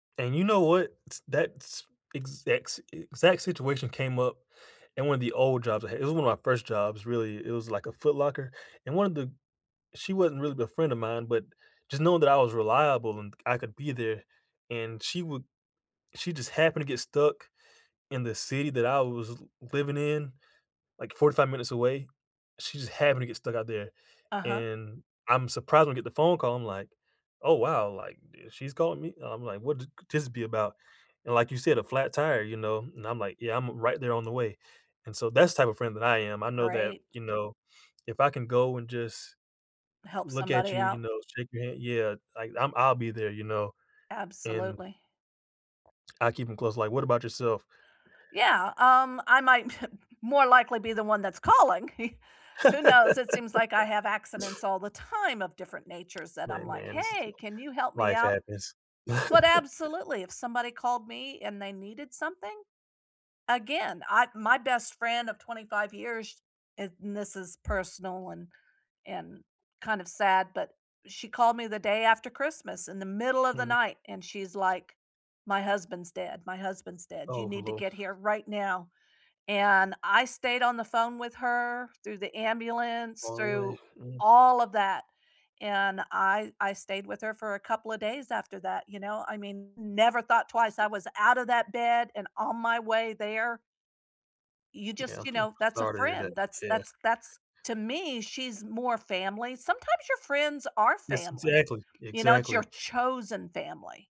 And you know what? It's that's exact s exact situation came up in one of the old jobs I had- It was one of my first jobs, really.- It was, like, a Foot Locker, and one of the She wasn't really a friend of mine, but just knowing that I was reliable and I could be there, and she would She just happened to get stuck in the city that I was l living in, like, 45 minutes away. She just happened to get stuck out there, Uh-huh. and I'm surprised when I get the phone call, I'm like, "Oh, wow." like, uh, "She's calling me?" and I'm like, "What th this be about?" and like you said, a flat tire, you know? And I'm like, "Yeah, I'm r right there on the way," and so that's the type of friend that I am. I know that, Right. you know, if I can go and just Help look at somebody you, you out. know, shake your hand Yeah, like, I'm I'll be there, you know, and Absolutely. I keep 'em close, like What about yourself? Yeah, um, I might more likely be the one that's calling. Who knows, it seems like I have accidents all the time of different natures that I'm My like, man's "Hey, can you help me Life out?" happens. but absolutely, if somebody called me and they needed something, again, I My best friend of 25 years, and This is personal and and kind of sad, but, she called me the day after Christmas in the middle of the Mhm. night and she's like, "My husband's dead. My husband's dead. You Oh, need to hello. get here right now," and I stayed on the phone with her, through the ambulance, All the way, through mm. all of that, and I I stayed with her for a couple of days after that, you know, I mean, never thought twice, I was out of that bed and on my way there. You Yeah, just I'm You so know, that's a sorry to hear that, friend, that's yeah. that's that's to me, she's more family. Sometimes your friends are Yes, family, exactly, you know, it's your exactly. chosen family